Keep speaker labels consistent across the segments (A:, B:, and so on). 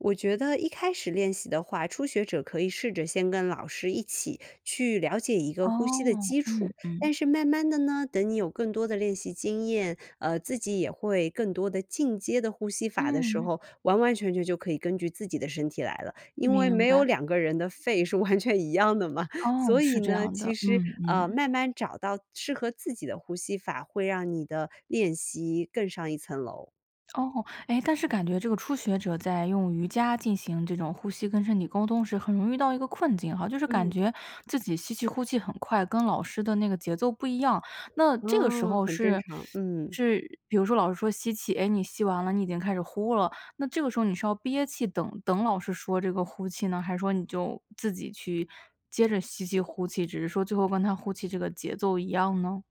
A: 我觉得一开始练习的话，初学者可以试着先跟老师一起去了解一个呼吸的
B: 哦，
A: 基础，
B: 嗯，
A: 但
B: 嗯。
A: 是慢慢地呢，等你有更多的练习经验，呃，自己也会更多的进阶的呼吸法的时
B: 嗯。
A: 候，完完全全就可以根据自己的身体来了，因为
B: 明
A: 没有
B: 白。
A: 两个人的肺是完全一样的嘛，
B: 哦，
A: 所以
B: 是这
A: 呢，
B: 样
A: 其
B: 的，
A: 实，
B: 嗯
A: 呃，
B: 嗯。
A: 慢慢找到适合自己的呼吸法，会让你的练习更上一层楼。
B: 哦，诶，但是感觉这个初学者在用瑜伽进行这种呼吸跟身体沟通时很容易遇到一个困境哈，就是感
A: 嗯。
B: 觉自己吸气呼气很快，跟老师的那个节奏不一样，那这个时
A: 啊，
B: 候
A: 很正
B: 是
A: 常，嗯。
B: 是比如说老师说吸气，哎，你吸完了你已经开始呼了，那这个时候你是要憋气等等老师说这个呼气呢，还是说你就自己去接着吸气、呼气，只是说最后跟她呼气这个节奏一样呢？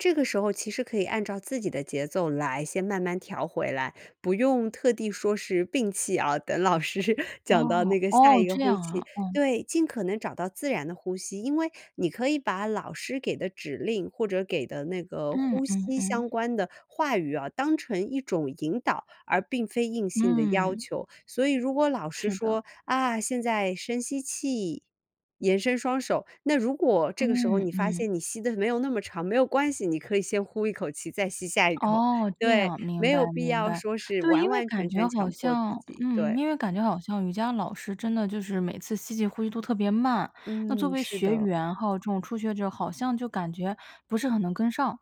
A: 这个时候其实可以按照自己的节奏来先慢慢调回来，不用特地说是摒气啊，等老师讲到
B: 哦，
A: 那个下一
B: 哦，
A: 个
B: 这
A: 呼
B: 样
A: 气，
B: 啊，哦。
A: 对，尽可能找到自然的呼吸，因为你可以把老师给的指令或者给的那个
B: 嗯
A: 呼
B: 嗯
A: 吸
B: 嗯。
A: 相关的话语啊，当成一种引导，而并非硬性的要
B: 嗯。
A: 求，所以如果老师
B: 是的。
A: 说：“啊，现在深吸气，延伸双手。”那如果这个时候
B: 嗯，
A: 你发
B: 嗯。
A: 现你吸得没有那么长，没有关系，你可以先呼一口气，再吸下一口，
B: 哦，这
A: 对，
B: 样，
A: 没
B: 明白
A: 有必
B: 明
A: 要
B: 白，
A: 说是
B: 对，
A: 完
B: 因为
A: 完全
B: 感觉
A: 全
B: 好
A: 强迫自
B: 像
A: 己，
B: 嗯，
A: 对。
B: 因为感觉好像瑜伽老师真的就是每次吸气、呼气都特别慢，那作
A: 嗯，
B: 为
A: 是
B: 学
A: 的。
B: 员，还有这种初学者，好像就感觉不是很能跟上。